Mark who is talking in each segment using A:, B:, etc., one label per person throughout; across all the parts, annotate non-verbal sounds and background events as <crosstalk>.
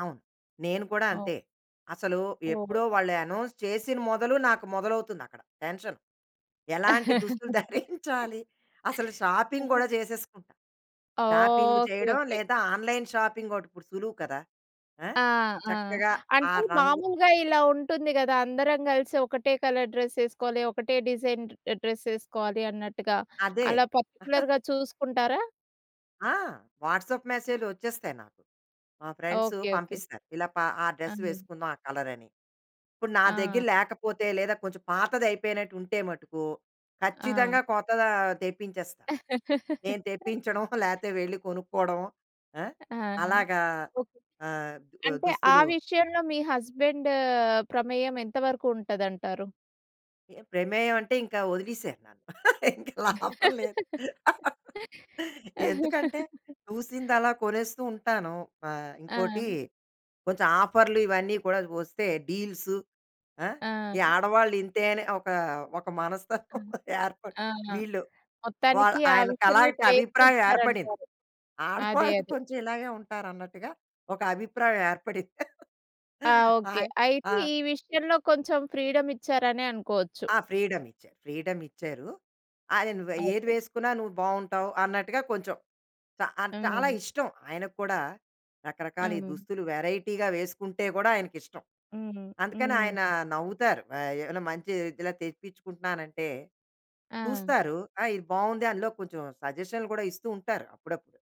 A: అవును. నేను కూడా
B: అవును.
A: అంతే. అసలు
B: ఓహో!
A: ఎప్పుడో వాళ్ళు అనౌన్స్ చేసిన మొదలు నాకు మొదలవుతుంది అక్కడ టెన్షను. ఎలాంటి దుస్తులు <chuckles> ధరించాలి. అసలు షాపింగ్
B: <laughs>
A: గూడా చేసేసుకుంటా. Shopping
B: oh! ఓకే,
A: చేయడం
B: ఓకే.
A: లేదా ఆన్‌లైన్ షాపింగొకటి ఇప్పుడు సులువు కదా! ఆ!
B: ఆ! ఆ!
A: చక్కగా ఆ
B: అంటే
A: రంగు
B: మామూలుగా ఇలా ఉంటుంది గదా అందరం గలిసి ఒకటే కలర్ డ్రెసేసుకోవాలి. ఒకటే డిజైన్ డ్రెసేసుకోవాలి అన్నట్టుగా.
A: అదే.
B: అలా
A: <chuckles>
B: పర్టిక్యులర్‌గా చూసుకుంటారా?
A: ఆ! వాట్సాప్ మెసేజ్‌లు వచ్చేస్తాయి నాకు. మా ఫ్రెండ్సు
B: ఓకే, ఓకే.
A: పంపిస్తారు. ఇలా ప ఆ డ్రెసు
B: అన్ని.
A: వేసుకుందాం ఆ కలర‌ని. ఇప్పుడు నా
B: ఆ!
A: దగ్గర లేకపోతే లేదా కొంచెం పాతదయిపోయినట్టు ఉంటే మటుకు
B: ఆ!
A: ఖచ్చితంగా కొత్తదా తెప్పించేస్తా. నేను
B: <laughs>
A: తెప్పించడం <chuckles> లేతే వెళ్లి కొనుక్కోవడం, ఆ!
B: ఆ!
A: అలాగా
B: ఓకే.
A: ఆహ్, బ
B: అంటే ఆ
A: దుస్తులు
B: విషయంలో మీ హస్బాండ్ ప్రమేయం ఎంత వరకుంటదంటారు?
A: ప్రమేయం అంటే ఇంకా వదిలేసారు నన్ను. ఇంకా లాభం లేదు. ఎందుకంటే
B: <laughs>
A: చూసిందలా కొనేస్తూ ఉంటాను. ఆ ఇంకోటి
B: ఆ!
A: కొంచెం ఆఫర్లు ఇవన్నీ కూడా వస్తే డీల్సు ఆహ్,
B: ఆ!
A: ఈ ఆడవాళ్ళు ఇంతే అని ఒక ఒక మనస్తత్వం
B: ఆహ్.
A: ఏర్పడి
B: ఆ
A: వీళ్ళు వాల
B: మొత్తానికి ఆ
A: ఆయనకి
B: విషయంలో
A: అలాంటి అభిప్రాయం ఏర్పడింది.
B: స్వేచ్చిచ్చారంటారు. అదే,
A: ఆడవాళ్ళు <chuckles>
B: అదే.
A: కొంచెం ఇలాగే ఉంటారన్నట్టుగా ఒక అభిప్రాయం ఏర్పడింది. <chuckles>
B: ఆ! ఓకే.
A: ఆయన
B: అయితే
A: ఆ!
B: ఈ విషయంలో కొంచెం ఫ్రీడమిచ్చారనే అనుకోవచ్చు.
A: ఆ ఫ్రీడమిచ్చారు. ఫ్రీడమిచ్చారు. అదె "ను ఏది
B: ఓకే.
A: వేసుకున్నా నువ్వు బావుంటావు" అన్నట్టుగా కొంచెం చ ఆ చాలా
B: అవును.
A: ఇష్టం ఆయనక్కూడా రకరకాల ఈ
B: అవును.
A: దుస్తులు వేరైటీగా వేసుకుంటే కూడా ఆయనకిష్టం.
B: హ్మ్.
A: అందుకని ఆయన
B: హ్మ్.
A: నవ్వుతారు. ఆ ఏమైనా మంచి ఇలా తెప్పించుకుంటున్నానంటే
B: ఆ!
A: చూస్తారు "ఆ! ఇది బావుంది." అందులో కొంచెం సజెషన్లు కూడా ఇస్తూ ఉంటారు అప్పుడప్పుడు.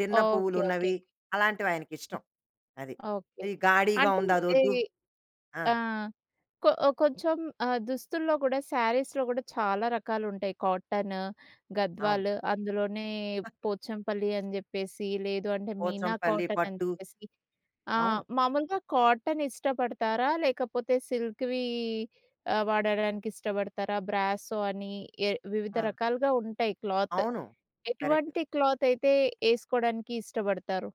A: చిన్న
B: ఓకే, ఓకేకే.
A: పువ్వులున్నవి అలాంటివి ఆయనకిష్టం. అది.
B: ఓకే.
A: "ఇది గాడీగా
B: అంటే
A: ఉంది.
B: ఈ
A: అదొద్దు." ఆ!
B: ఆ! కొ కొంచెం ఆహ్, దుస్తుల్లో కూడా శారీస్‌లో కూడా చాలా రకాలుంటాయి 'కాటను,'
A: అవును.
B: 'గద్వాలు.' అందులోనే 'పోచంపల్లి' అని జెప్పేసి లేదు అంటే 'మీనా
A: 'పోచంపల్లి
B: కాటనని'
A: పట్టు.'
B: జెప్పేసి. ఆ
A: అవును.
B: మామూలుగా కాటన్ ఇష్టపడతారా? లేకపోతే సిల్క్‌వి ఆహ్, వాడడానికి ఇష్టపడతారా? 'బ్రాసో' అని ఏ వివిధ
A: ఆ!
B: రకాలుగా ఉంటాయి క్లాత్.
A: అవును కరెక్టు.
B: ఎటువంటి క్లాతైతే ఏసుకోడానికి ఇష్టపడతారు?